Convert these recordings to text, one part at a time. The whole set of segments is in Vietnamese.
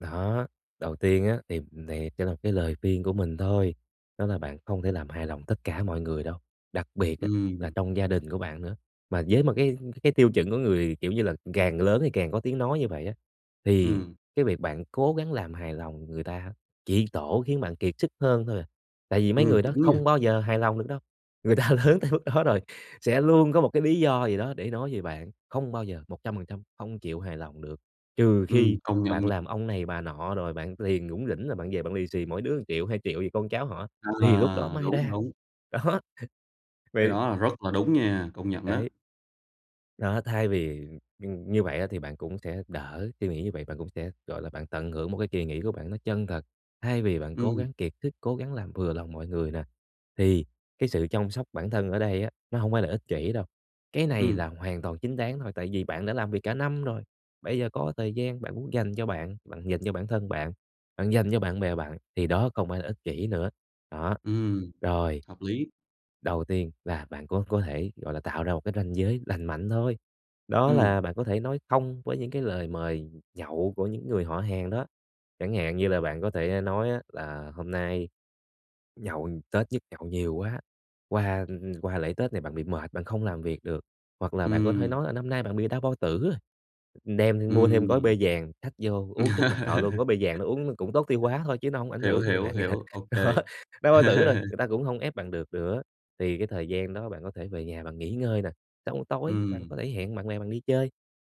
Đó, đầu tiên á thì này chỉ là cái lời khuyên của mình thôi, đó là bạn không thể làm hài lòng tất cả mọi người đâu, đặc biệt á là Ừm. trong gia đình của bạn nữa. Mà với một cái cái tiêu chuẩn của người, kiểu như là, càng lớn thì càng có tiếng nói như vậy á thì Ừm. cái việc bạn cố gắng làm hài lòng người ta ha chỉ tổ khiến bạn kiệt sức hơn thôi à. Tại vì mấy Ừm, người đó đúng nha. không bao giờ hài lòng được đâu, người ta lớn tới mức đó rồi sẽ luôn có một cái lý do gì đó để nói về bạn, không bao giờ 100% không chịu hài lòng được, trừ Ừm, khi công nhận bạn nh làm ông này bà nọ rồi bạn tiền rủng rỉnh rồi bạn về bạn lì xì mỗi đứa 1.000.000, 2 gì con cháu họ á thì lúc đó À, may đúng, ra, đúng. đó. Cái Vậy đó là rất là đúng nha, công nhận ná. Đấy. Đó, thay vì, ừm, ừm, như vậy á thì bạn cũng sẽ đỡ suy nghĩ như vậy bạn cũng sẽ, gọi là, bạn tận hưởng một cái kỳ nghỉ của bạn nó chân thật, thay vì bạn cố Ừm. gắng kiệt sức, cố gắng làm vừa lòng mọi người nè, thì cái sự chông sóc bản thân ở đây á nó hổng phải là ích kỷ đâu. Cái này là Ừm. hoàn toàn chính đáng thôi tại vì bạn đã làm việc cả năm rồi, bây giờ có thời gian bạn muốn dành cho bạn, bạn dành cho bản thân bạn, bạn dành cho bạn bè bạn thì đó không phải là ích kỷ nữa. Đó, Ừm, rồi. hợp lý. Đầu tiên là bạn có có thể, gọi là, tạo ra một cái ranh giới lành mạnh thôi, đó Ừm. là bạn có thể nói không với những cái lời mời nh nhậu của những người họ hàng đó. Chẳng hạn như là bạn có thể, a, nói á là hôm nay nhậu, Tết nhất nhậu nhiều quá, qua, ừm, ừm, qua lễ Tết này bạn bị mệt, bạn không làm việc được. Hoặc là bạn có thể Ừm. nói là năm nay bạn bị đau bao tử rồi, đem mua thêm gói P Ừm. vàng xách vô uống trước mặt họ luôn, gói P vàng đó uống cũng tốt tiêu hóa thôi chứ nó hổng ảnh Hiểu, hưởng gì hiểu, bạn cả. hiểu, OK. Đó, đau bao tử rồi, người ta cũng hông ép bạn được nữa, thì cái thời gian đó bạn có thể về nhà bạn nghỉ ngơi nè, xong rồi tối bạn có Ừm. thể hẹn bạn bè bạn đi chơi.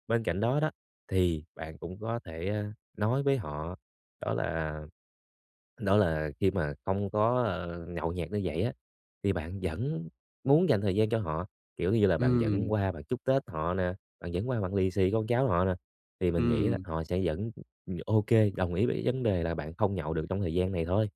Bên cạnh đó đó thì bạn cũng có thể, ơ, nói với họ, đó là đó là khi mà không có, ờ, nhậu nhẹt như vậy á, thì bạn vẫn muốn dành thời gian cho họ, kiểu như là, bạn vẫn Ừm. qua bạn chúc Tết họ nè, bạn vẫn qua bạn lì xì con cháu họ nè, thì mình nghĩ là Ừm. họ sẽ vẫn, ừm, ừm, OK, đồng ý với v vấn đề là bạn không nhậu được trong thời gian này thôi.